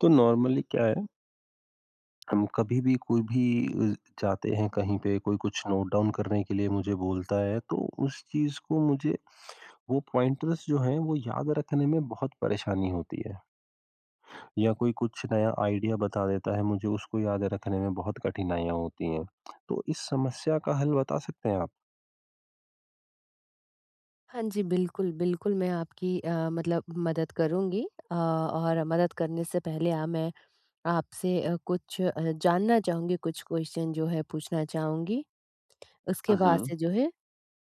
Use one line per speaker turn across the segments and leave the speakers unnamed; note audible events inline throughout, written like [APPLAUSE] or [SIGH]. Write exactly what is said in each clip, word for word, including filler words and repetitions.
तो नॉर्मली क्या है हम कभी भी कोई भी अ, जाते हैं कहीं पे कोई कुछ नोट डाउन करने के लिए मुझे बोलता है तो उस चीज़ को मुझे, वो पॉइंटर्स जो हैं वो याद रखने में बहुत परेशानी होती है। या कोई कुछ नया आइडिया बता देता है मुझे उसको याद रखने में बहुत कठिनाइयाँ होती हैं। [CLICKS TONGUE] तो इस समस्या का हल बता सकते हैं आप?
हाँ जी। बिल्कुल, बिल्कुल, मैं आपकी अ, मतलब मदद करूँगी। अ, और मदद करने से पहले अ, मैं आपसे कुछ अ, जानना चाहूँगी, कुछ क्वेश्चन जो है पूछना चाहूँगी,
अ,
उसके बाद
हुँ।
से जो है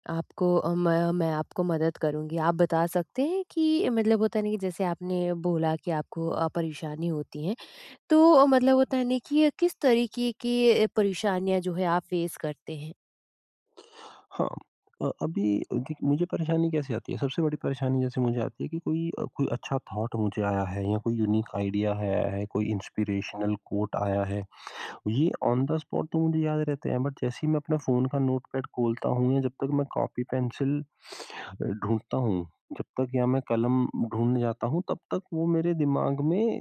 आपको अ, मैं मैं आपको मदद करूँगी। आप बता सकते हैं कि मतलब होता है ना कि जैसे आपने बोला कि आपको अ, परेशानी होती है, तो मतलब होता है ना, कि किस तरीके की परेशानियाँ जो है आप फेस करते हैं?
हाँ, अ, अभी क्योंकि मुझे परेशानी कैसे आती है सबसे बड़ी परेशानी जैसे मुझे आती है कि कोई अ, कोई अच्छा थॉट मुझे आया है या कोई यूनिक आइडिया है आया है, कोई इंस्पिरेशनल कोट आया है। ये ऑन द स्पॉट तो मुझे याद रहते हैं, बट जैसे ही मैं अपना फ़ोन का नोटपैड खोलता हूँ या जब तक मैं कॉपी पेंसिल अ, ढूँढ़ता हूँ जब तक या मैं कलम ढूँढ़ने जाता हूँ तब तक वो मेरे दिमाग में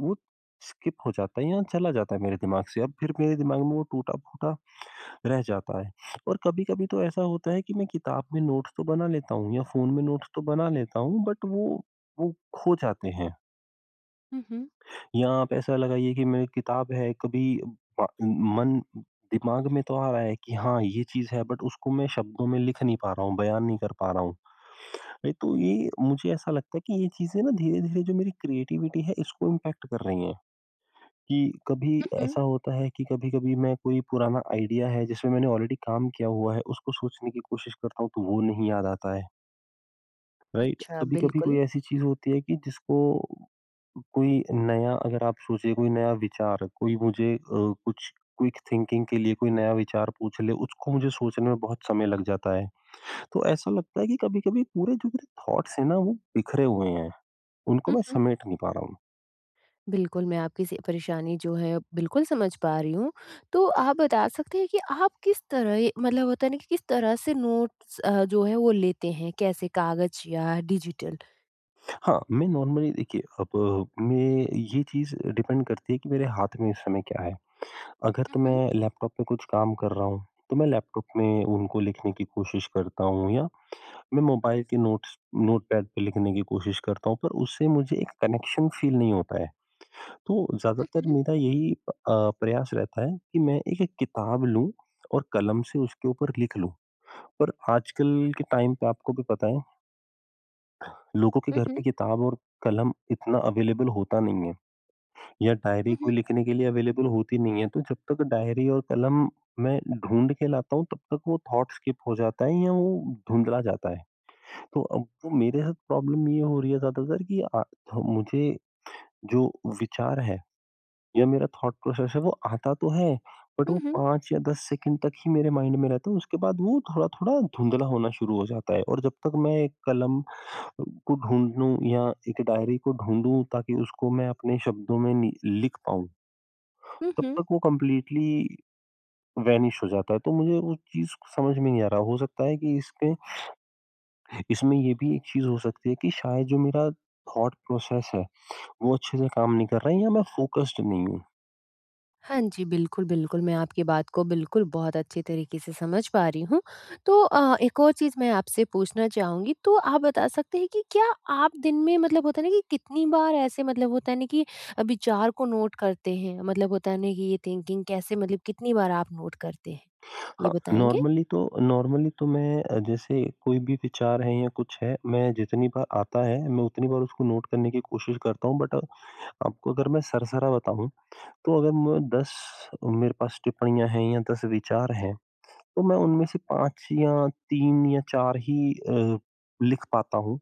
वो स्किप हो जाता है या चला जाता है मेरे दिमाग से अब फिर मेरे दिमाग में वो टूटा-फूटा रह जाता है। और कभी-कभी तो ऐसा होता है कि मैं किताब में नोट्स तो बना लेता हूँ या फ़ोन में नोट्स तो बना लेता हूँ बट वो वो खो जाते हैं।
हुँ, हुँ।
यां आप ऐसा लगाइए कि मेरी किताब है कभी प मन दिमाग में तो आ रहा है कि हाँ, ये चीज़ है बट उसको मैं शब्दों में लिख नहीं पा रहा हूँ बयान नहीं कर पा रहा हूँ। नहीं तो ये मुझे ऐसा लगता है कि ये चीज़ें ना धीरे-धीरे जो मेरी क्रिएटिविटी है इसको इम्पैक्ट कर रही हैं, कि कभी
हुँ, हुँ।
ऐसा होता है कि कभी-कभी मैं कोई पुराना आइडिया है जिसमें मैंने ऑलरेडी काम किया हुआ है उसको सोचने की कोशिश करता हूँ तो वो नहीं याद आता है। राइट?
अच्छा,
कभी-कभी कोई
बिल्कुल।
ऐसी चीज़ होती है कि जिसको कोई नया अगर आप सोचिए कोई नया विचार कोई मुझे अ, कुछ क्विक थिंकिंग के लिए कोई नया विचार पूछ ले, उसको मुझे सोचने में बहुत समय लग जाता है। तो ऐसा लगता है कि कभी-कभी पूरे जो मेरे थॉट्स हैं ना वो बिखरे हुए हैं, उनको
हुँ,
मैं
हुँ।
समेट नहीं पा रहा हूँ।
बिल्कुल, मैं आपकी स परेशानी जो है बिल्कुल समझ पा रही हूँ। तो आप बता सकते हैं कि आप किस तरह मतलब होता है ना कि किस तरह से नोट्स अ, जो है वो लेते हैं कैसे कागज़ या डिजिटल?
हाँ, मैं नॉर्मली देखिए, अब मैं ये चीज़ डिपेंड करती है कि मेरे हाथ में इस समय क्या है, अगर तो मैं
उहुँ।
लैपटॉप में कुछ काम कर रहा हूँ, तो मैं लैपटॉप में उनको लिखने की कोशिश करता हूँ या मैं मोबाइल के नोट्स नोटपैड पे लिखने की कोशिश करता हूँ पर उससे मुझे एक कनेक्शन फील नहीं होता है। तो ज़्यादातर
उहुँ।
मेरा यही अ, प्रयास रहता है कि मैं एक एक किताब लूँ, और कलम से उसके ऊपर लिख लूँ और आजकल के टाइम पे आपको भी पता है लोगों के
हुँ,
घर पे
हुँ।
किताब और कलम इतना अवेलेबल होता नहीं है। या डायरी कोई
उहुँ।
लिखने के लिए अवेलेबल होती नहीं है। तो जब तक डायरी और कलम मैं ढूँढ़ के लाता हूँ तब तक वो थॉट स्किप हो जाता है या वो धुँधला जाता है। तो अब मेरे साथ प्रॉब्लम ये हो रही है ज़्यादातर कि अ, थ मुझे जो विचार है, या मेरा थॉट प्रोसेस है वो आता तो है, बट
हुँ,
वो
हुँ।
पाँच या दस सेकंड तक ही मेरे माइंड में रहता है उसके बाद वो थोड़ा-थोड़ा धुँधला होना शुरू हो जाता है और जब तक मैं एक कलम को ढूँढ़ू या एक डायरी को ढूँढ़ू ताकि उसको मैं अपने शब्दों में नि लिख पाऊँ
हुँ,
तब
हुँ।
तक वो कंप्लीटली वैनिश हो जाता है तो मुझे वो चीज़ समझ में नहीं आ रहा हो सकता है कि इसके इसमें ये भी एक चीज़ हो सकती है कि शायद जो मेरा थॉट प्रोसेस है, वो अच्छे से काम नहीं कर रहा है या मैं फोकस्ड नहीं हूँ।
हाँ जी, बिल्कुल-बिल्कुल मैं आपकी बात को बिल्कुल बहुत अच्छे तरीके से समझ पा रही हूँ। तो अ, एक और चीज़ मैं आपसे पूछना चाहूँगी। तो, आप बता सकते हैं कि क्या आप दिन में मतलब होता है ना कि कितनी बार ऐसे मतलब होता है ना कि अ, विचार को नोट करते हैं मतलब होता है ना कि ये थिंकिंग कैसे मतलब कितनी बार आप नोट करते हैं ये
हाँ,
बताएँगे?
नॉर्मली तो नॉर्मली तो मैं जैसे कोई भी विचार हैं या कुछ है मैं जितनी बार आता है मैं उतनी बार उसको नोट करने की कोशिश करता हूँ। बट आपको अगर मैं सरसरा बताऊँ, तो अगर मैं दस मेरे पास टिप्पणियाँ हैं या दस विचार हैं, तो मैं उनमें से पाँच या तीन या चार ही अ, लिख पाता हूँ।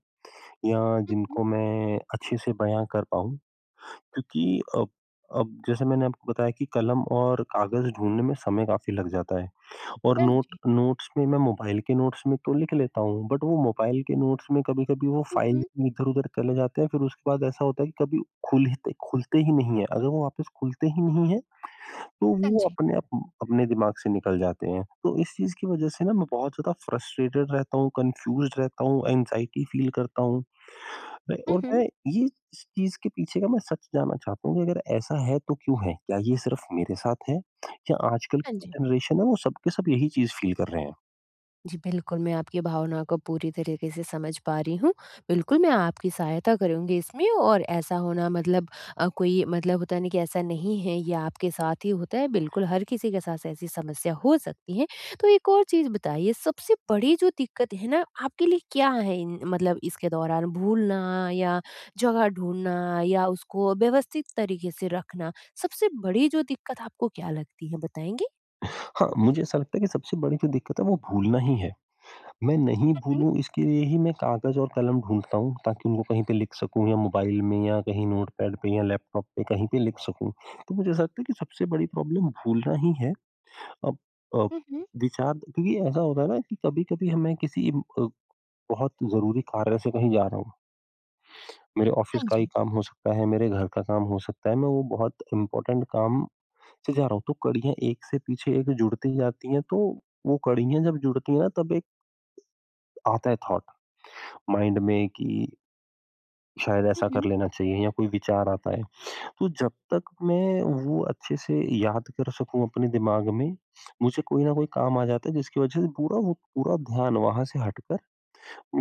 या
हुँ, हुँ।
जिनको मैं अच्छे से बयाँ कर पाऊँ। क्योंकि अब अब जैसे मैंने आपको बताया कि कलम और कागज़ ढूँढ़ने में समय काफ़ी लग जाता है, और
हाँ
नोट
जी।
नोट्स में मैं मोबाइल के नोट्स में तो लिख लेता हूँ। बट वो मोबाइल के नोट्स में कभी-कभी वो
हुँ,
फाइल
हुँ।
इधर-उधर चले जाते हैं फिर उसके बाद ऐसा होता है कि कभी खुल हित खुलते ही नहीं हैं। अगर वो वापस खुलते ही नहीं हैं तो
हाँ
वो
जी।
अपने आप अपने दिमाग से निकल जाते हैं। तो इस चीज़ की वजह से ना मैं बहुत ज़्यादा फ्रस्ट्रेटेड रहता हूँ, कन्फ्यूज़्ड रहता हूँ, एंग्ज़ायटी फील करता हूँ। मैं
हुँ,
और
हुँ।
मैं ये इस चीज़ के पीछे का मैं सच जानना चाहता हूँ कि अगर ऐसा है तो क्यों है? क्या ये सिर्फ मेरे साथ है या आजकल
हाँ
की जो
जी।
जनरेशन है वो सब के सब यही चीज़ फील कर रहे हैं?
जी बिल्कुल, मैं आपकी भावनाओं को पूरी तरीक़े से समझ पा रही हूँ, बिल्कुल मैं आपकी सहायता करूँगी इसमें और ऐसा होना मतलब अ, कोई मतलब होता न कि ऐसा नहीं है ये आपके साथ ही होता है बिल्कुल, हर किसी के साथ ऐसी समस्या हो सकती है। तो एक और चीज़ बताइए सबसे बड़ी जो दिक्कत है न आपके लिए क्या है इन मतलब इसके दौरान भूलना या जगह ढूँढना या उसको व्यवस्थित तरीक़े से रखना? सबसे बड़ी जो दिक्कत आपको क्या लगती है बताएँगे?
हाँ, मुझे ऐसा लगता है कि सबसे बड़ी जो दिक्कत है वो भूलना ही है, मैं नहीं
हुँ, हुँ।
भूलूँ इसके लिए ही मैं काग़ज़ और कलम ढूँढता हूँ ताकि उनको कहीं पे लिख सकूँ या मोबाइल में या कहीं नोटपैड पे या लैपटॉप पे कहीं पे लिख सकूँ। तो मुझे ऐसा लगता है कि सबसे बड़ी प्रॉब्लम भूलना ही है। अब अ,
हुँ, हुँ।
विचार भी ऐसा होता है न कि कभी-कभी हमें किसी अ, बहुत ज़रूरी कार्य से कहीं जा रहा हूँ। मेरे ऑफ़िस
हाँ
का ही
जी।
काम हो सकता है, मेरे घर का काम हो सकता है, मैं वो बहुत इम्पोर्टेंट काम से जा रहा हूँ तो कड़ियाँ एक से पीछे एक जुड़ती जाती हैं तो वो कड़ियाँ जब जुड़ती हैं तब एक आता है थॉट माइंड में कि शायद
हुँ,
ऐसा कर
हुँ।
लेना चाहिए या कोई विचार आता है, तो जब तक मैं वो अच्छे से याद कर सकूँ अपने दिमाग में, मुझे कोई न कोई काम आ जाता है जिसकी वज़ह से पूरा वो पूरा ध्यान वहाँ से हटकर,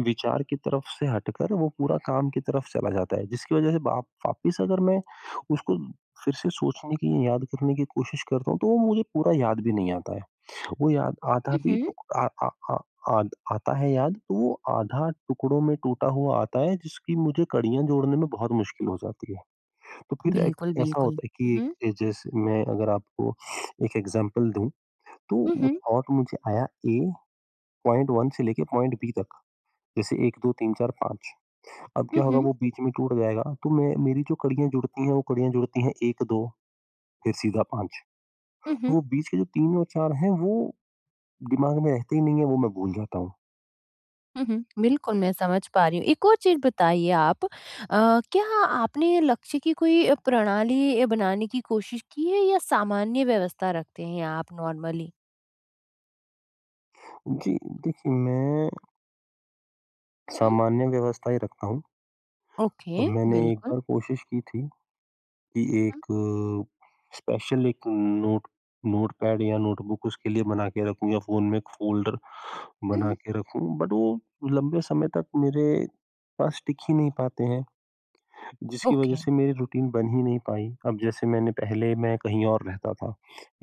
विचार की तरफ़ से हटकर वो पूरा काम की तरफ़ चला जाता है जिसकी वज़ह से वाप वापिस अगर मैं उसको फिर से सोचने की याद करने की कोशिश करता हूँ तो वो मुझे पूरा याद भी नहीं आता है। वो याद आधा भी
हुँ,
तो
हुँ।
अ अ अ अ, आता है याद तो वो आधा टुकड़ों में टूटा हुआ आता है जिसकी मुझे कड़ियाँ जोड़ने में बहुत मुश्किल हो जाती है। तो फिर एक
बिल्कुल,
ऐसा
बिल्कुल।
होता है कि एक
हुँ।
जे जैसे मैं अगर आपको [SNIFFS] एक एक्ज़ाम्पल दूँ, तो
हुँ,
वो
हुँ।
थॉट मुझे आया ए, पॉइंट वन से लेके पॉइंट बी तक। जैसे एक, दो, तीन, चार, पाँच अब
हुँ,
क्या होगा
हुँ।
वो बीच में टूट जाएगा, तो मैं मेरी जो कड़ियाँ जुड़ती हैं वो कड़ियाँ जुड़ती हैं एक, दो फिर सीधा पाँच
हुँ,
तो
हुँ।
वो बीच के जो तीन और चार हैं वो दिमाग में रहते ही नहीं हैं, वो मैं भूल जाता हूँ।
हुँ, हुँ, बिल्कुल, मैं समझ पा रही हूँ। एक और चीज़ बताइए आप अ, क्या आपने लक्ष्य की कोई प्रणाली अ, बनाने की कोशिश की है या सामान्य व्यवस्था रखते हैं आप नॉर्मली?
जी, देखिए मैं
हुँ हुँ।
सामान्य व्यवस्था ही रखता हूँ। और
ओके
मैंने एक
बिल्कुल।
बार कोशिश की थी, कि
हुँ, हुँ।
एक स्पेशल एक नोट नोटपैड या नोटबुक उसके लिए बना के रखूँ या फ़ोन में एक फोल्डर
हुँ,
बना
हुँ।
के रखूँ, बट वो लंबे समय तक मेरे पास टिक ही नहीं पाते हैं, जिसकी वज़ह
ओके।
से मेरी रूटीन बन ही नहीं पाई। अब जैसे मैंने पहले मैं कहीं और रहता था,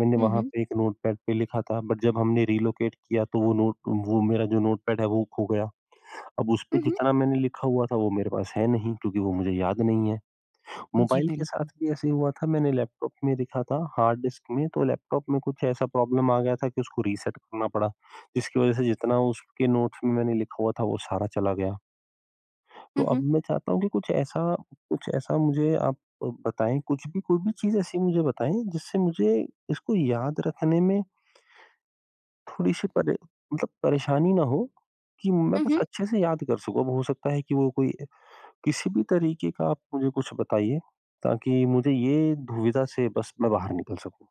मैंने
हुँ,
वहाँ
हुँ।
पे एक नोटपैड पे लिखा था बट जब हमने रिलोकेट किया तो वो नोट वो मेरा जो नोटपैड है वो खो गया। अब उसपे
हुँ, हुँ।
जितना मैंने लिखा हुआ था वो मेरे पास है नहीं, क्योंकि वो मुझे याद नहीं है।
जी
मोबाइल के साथ
बिल्कुल।
भी ऐसे ही हुआ था मैंने लैपटॉप में लिखा था हार्ड डिस्क में, तो लैपटॉप में कुछ ऐसा प्रॉब्लम आ गया था कि उसको रीसेट करना पड़ा, जिसकी वज़ह से जितना उसके नोट्स में मैंने लिखा हुआ था वो सारा चला गया। तो
हुँ,
अब
हुँ।
मैं चाहता हूँ कि कुछ ऐसा, कुछ ऐसा मुझे आप बताएँ कुछ भी कोई भी चीज़ ऐसी मुझे बताएँ जिससे मुझे इसको याद रखने में थोड़ी-सी परे मतलब परेशानी ना हो, कि मैं
हुँ,
बस
हुँ।
अच्छे से याद कर सकूँ अब हो सकता है कि वो कोई किसी भी तरीक़े का आप मुझे कुछ बताइए, ताकि मुझे ये दुविधा से बस मैं बाहर निकल सकूँ।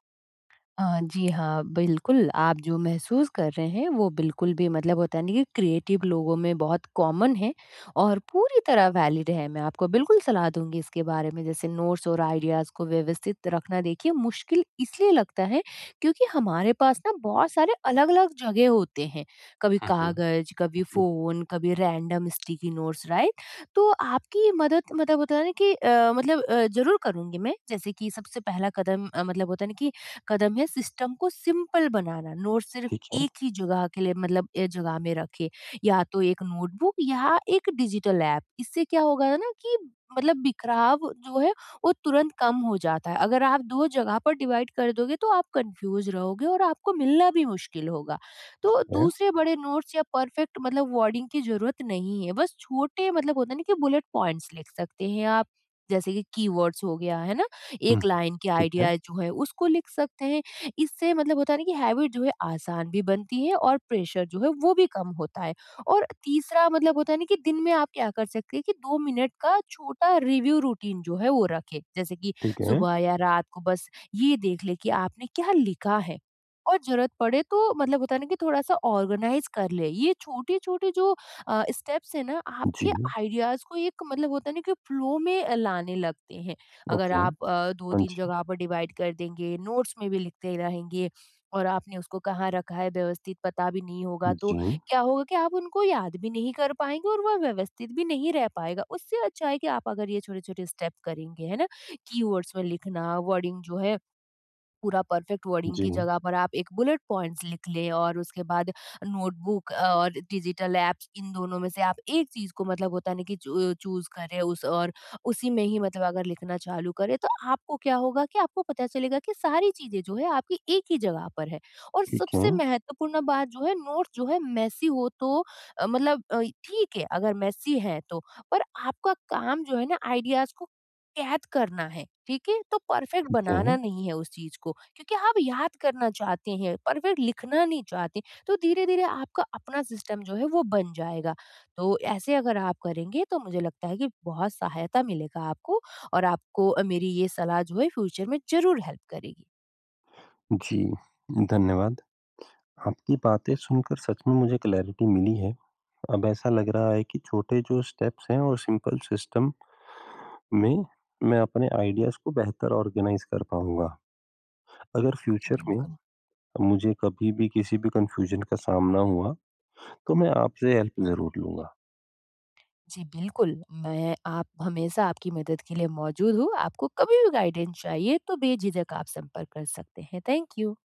अ, जी हाँ, बिल्कुल। आप जो महसूस कर रहे हैं वो बिल्कुल भी मतलब होता है नहीं क्रिएटिव लोगों में बहुत कॉमन है, और पूरी तरह वैलिड है। मैं आपको बिल्कुल सलाह दूँगी इसके बारे में जैसे नोट्स और आइडियाज़ को व्यवस्थित रखना देखिए मुश्किल इसलिए लगता है क्योंकि हमारे पास ना बहुत सारे अलग-अलग जगह होते हैं। कभी
हुँ, हुँ।
कागज़, कभी
जी।
फ़ोन कभी रैंडम स्टिकी नोट्स, राइट? तो आपकी मदद मतलब होता है ना कि अ, मतलब अ, ज़रूर करूँगी मैं। जैसे कि सबसे पहला कदम अ, मतलब होता है ना कि कदम है सिस्टम को सिंपल बनाना नोट सिर्फ़
ठीक है।
एक ही जगह के लिए मतलब एक जगह में रखें। या तो एक नोटबुक या एक डिजिटल एप। इससे क्या होगा ना कि मतलब बिखराव जो है वो तुरंत कम हो जाता है। अगर आप दो जगह पर डिवाइड कर दोगे तो आप कन्फ्यूज रहोगे और आपको मिलना भी मुश्किल होगा।
ठीक
तो
है।
दूसरे बड़े नोट्स या परफ़ेक्ट मतलब वर्डिंग की ज़रूरत नहीं है। बस छोटे मतलब होता है ना कि बुलेट पॉइंट्स लिख सकते हैं आप, जैसे कि कीवर्ड्स हो गया, है ना?
हुँ।
एक लाइन की
ठीक है।
आईडीईए जो है, उसको लिख सकते हैं। इससे मतलब होता है ना कि हैबिट जो है आसान भी बनती है और प्रेशर जो है वो भी कम होता है। और तीसरा मतलब होता है ना, कि दिन में आप क्या कर सकते हैं कि दो मिनट का छोटा रिव्यू रूटीन जो है वो रखें। जैसे कि
ठीक है।
सुबह या रात को बस ये देख लें कि आपने क्या लिखा है। और ज़रूरत पड़े तो मतलब होता है ना कि थोड़ा-सा ऑर्गनाइज़ कर लें। ये छोटे-छोटे जो अ, स्टेप्स हैं ना आपके
जी।
आइडियाज़ को एक मतलब होता है ना, कि फ्लो में अ, लाने लगते हैं। अगर
ओके।
आप अ, दो
हाँ
तीन
जी।
जगह पर डिवाइड कर देंगे नोट्स में भी लिखते रहेंगे और आपने उसको कहाँ रखा है व्यवस्थित पता भी नहीं होगा तो
जी।
क्या होगा कि आप उनको याद भी नहीं कर पाएँगे और वो व्यवस्थित भी नहीं रह पाएगा। उससे अच्छा है कि आप अगर ये छोटे-छोटे स्टेप करेंगे, है ना कीवर्ड्स में लिखना, वर्डिंग जो है पूरा परफ़ेक्ट वर्डिंग की
जी।
जगह पर आप एक बुलेट पॉइंट्स लिख लें और उसके बाद नोटबुक और डिजिटल एप्स इन दोनों में से आप एक चीज़ को मतलब होता नहीं कि चु चूज़ करें उस और उसी में ही मतलब अगर लिखना चालू करें तो आपको क्या होगा कि आपको पता चलेगा कि सारी चीज़ें जो है आपकी एक ही जगह पर है। और
ठीक
सबसे
है।
महत्वपूर्ण बात जो है नोट्स जो है मेस्सी हो तो अ, मतलब अ, ठीक है अगर मेस्सी है तो। पर आपका काम जो है ना आइडियाज़ को कैद करना है। ठीक है तो परफ़ेक्ट
ठीक
बनाना
है।
नहीं है उस चीज़ को क्योंकि आप याद करना चाहते हैं परफ़ेक्ट लिखना नहीं चाहते हैं। तो धीरे-धीरे आपका अपना सिस्टम जो है वो बन जाएगा। तो ऐसे अगर आप करेंगे तो मुझे लगता है कि बहुत सहायता मिलेगा आपको। और आपको अ, मेरी ये सलाह जो है फ्यूचर में ज़रूर हेल्प करेगी।
जी, धन्यवाद। आपकी बातें सुनकर सच में मुझे क्लैरिटी मिली है। अब ऐसा लग रहा है कि छोटे जो स्टेप्स हैं वो सिंपल सिस्टम में, मैं अपने आइडियाज़ को बेहतर ऑर्गनाइज़ कर पाऊँगा। अगर
जी,
फ्यूचर में,
बिल्कुल।
मुझे कभी भी किसी भी कन्फ्यूजन का सामना हुआ, तो मैं आपसे हेल्प ज़रूर लूँगा।
जी, बिल्कुल। मैं आप हमेशा आपकी मदद के लिए मौजूद हूँ। आपको कभी भी गाइडेन्स चाहिए तो बेझिझक आप संपर्क कर सकते हैं। Thank you.